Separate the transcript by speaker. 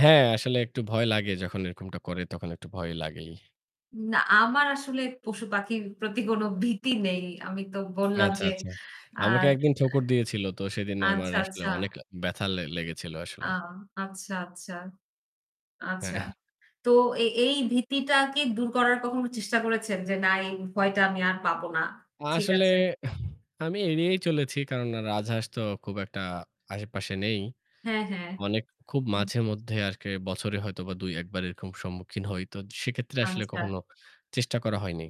Speaker 1: হ্যাঁ, আসলে একটু ভয় লাগে। যখন এরকমটা করে তখন একটু ভয় লাগেই।
Speaker 2: না আমার আসলে পশুপাখির প্রতি কোনো ভীতি নেই। আমি তো বললাম
Speaker 1: আচ্ছা,
Speaker 2: যে
Speaker 1: আচ্ছা। আমাকে
Speaker 2: আর
Speaker 1: একদিন ঠোকর দিয়েছিল তো সেদিন আমার
Speaker 2: আচ্ছা,
Speaker 1: আসলে
Speaker 2: আচ্ছা।
Speaker 1: অনেক ব্যথা লে লেগেছিল
Speaker 2: আ
Speaker 1: আসলে।
Speaker 2: আচ্ছা, আচ্ছা, আচ্ছা।
Speaker 1: হ্যাঁ।
Speaker 2: তো এ এই ভীতিটা কি দূর করার কখনো চেষ্টা করেছেন? যে, "না, এই ভয়টা আমি আর পাবো না।" ঠিক
Speaker 1: আসলে
Speaker 2: আছে।
Speaker 1: আমি এড়িয়েই চলেছি কারণ রাজহাঁস তো খুব একটা আশেপাশে নেই।
Speaker 2: হ্যাঁ, হ্যাঁ।
Speaker 1: মানে খুব
Speaker 2: হুম।
Speaker 1: মাঝেমধ্যে আরকি বছরে হয়তো বা ২-১ বার এরকম সম্মুখীন হই। তো সেক্ষেত্রে আসলে
Speaker 2: আচ্ছা।
Speaker 1: কখনো চেষ্টা করা হয়নি।